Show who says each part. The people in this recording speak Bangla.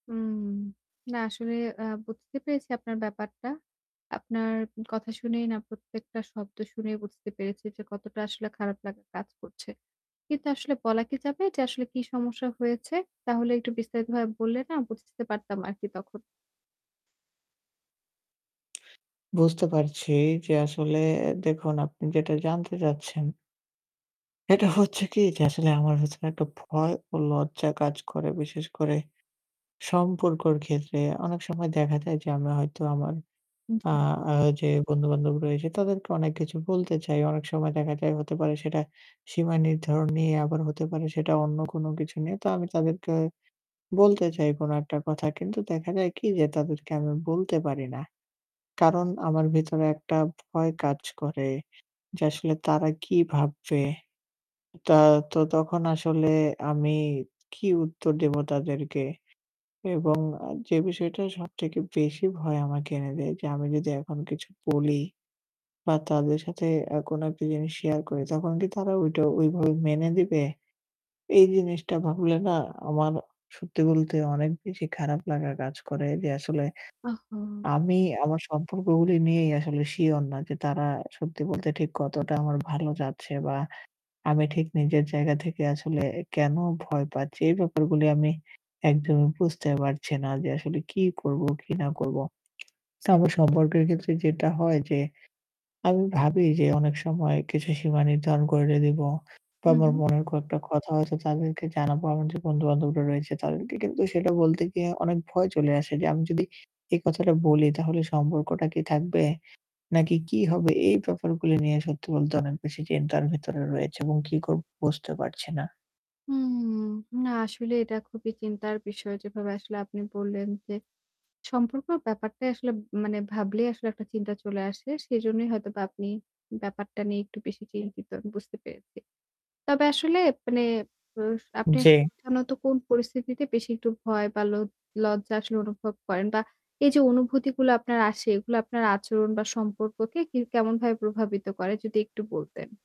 Speaker 1: হুম, না আসলে আ বুঝতে পেরেছি আপনার ব্যাপারটা। আপনার কথা শুনেই না প্রত্যেকটা শব্দ শুনেই বুঝতে পেরেছি যে কতটা আসলে খারাপ লাগা কাজ করছে। কিন্তু আসলে বলা কি যাবে যে আসলে কি সমস্যা হয়েছে? তাহলে একটু বিস্তারিতভাবে বললে না বুঝতে পারতাম আরকি তখন।
Speaker 2: বুঝতে পারছি যে আসলে দেখুন, আপনি যেটা জানতে চাচ্ছেন এটা হচ্ছে কি যে আসলে আমার ভেতরে একটা ভয় ও লজ্জা কাজ করে। বিশেষ করে সম্পর্কর ক্ষেত্রে অনেক সময় দেখা যায় যে আমরা হয়তো আমার
Speaker 1: উ
Speaker 2: আ
Speaker 1: হুম।
Speaker 2: আ যে বন্ধু-বান্ধব রয়েছে তাদেরকে অনেক কিছু বলতে চাই। অনেক সময় দেখা যায় হতে পারে সেটা সীমা নির্ধারণ নিয়ে আবার হতে পারে সেটা অন্য কোন কিছু নিয়ে। তো আমি তাদেরকে বলতে চাই কোন একটা কথা কিন্তু দেখা যায় কি যে তাদেরকে আমি বলতে পারি না। কারণ আমার ভেতরে একটা ভয় কাজ করে যে আসলে তারা কি ভাববে? তা তো তখন আসলে আমি কি উত্তর দেব তাদেরকে? এবং যে বিষয়টা সবথেকে বেশি ভয় আমাকে এনে দেয় যে আমি যদি এখন কিছু বলি বা তাদের সাথে অ্যা কোন একটা জিনিস share করি তখন কি তারা ওইটা ওইভাবে মেনে নেবে? এই জিনিসটা ভাবলে না আমার সত্যি বলতে অনেক বেশি খারাপ লাগা কাজ করে। যে আসলে
Speaker 1: ওহহো!
Speaker 2: আমি আমার সম্পর্কগুলি নিয়েই আসলে sure না যে তারা সত্যি বলতে ঠিক কতটা আমার ভালো চাচ্ছে বা আমি ঠিক নিজের জায়গা থেকে আসলে কেন ভয় পাচ্ছি। এই ব্যাপারগুলি আমি একদমই বুঝতে পারছি না যে আসলে কি করব, কি না করব। তো আমার সম্পর্কের ক্ষেত্রে যেটা হয় যে আমি ভাবি যে অনেক সময় কিছু সীমা নির্ধারণ করে দেব বা
Speaker 1: হুম,
Speaker 2: আমার
Speaker 1: হুম।
Speaker 2: মনের কয়েকটা কথা হয়তো তাদেরকে জানাব, আমার যে বন্ধু-বান্ধবরা রয়েছে তাদেরকে। কিন্তু সেটা বলতে গিয়ে অনেক ভয় চলে আসে যে আমি যদি এই কথাটা বলি তাহলে সম্পর্কটা কি থাকবে? নাকি, কি হবে? এই ব্যাপারগুলি নিয়ে সত্যি বলতে অনেক বেশি চিন্তার ভেতরে রয়েছে এবং কি করব বুঝতে পারছি না।
Speaker 1: হুম। না, আসলে এটা খুবই চিন্তার বিষয় যেভাবে আসলে আপনি বললেন, যে, সম্পর্কের ব্যাপারটাই আসলে মানে ভাবলেই আসলে একটা চিন্তা চলে আসে। সেজন্যই হয়তোবা আপনি ব্যাপারটা নিয়ে একটু বেশি চিন্তিত আমি বুঝতে পেরেছি। তবে আসলে মানে অ আপনি আসলে
Speaker 2: জি।
Speaker 1: [unintelligible] কোন পরিস্থিতিতে বেশি একটু ভয় বা লোজ লজ্জা আসলে অনুভব করেন বা এই যে অনুভূতিগুলো আপনার আসে এগুলা আপনার আচরণ বা সম্পর্ককে কি কেমনভাবে প্রভাবিত করে যদি একটু বলতেন?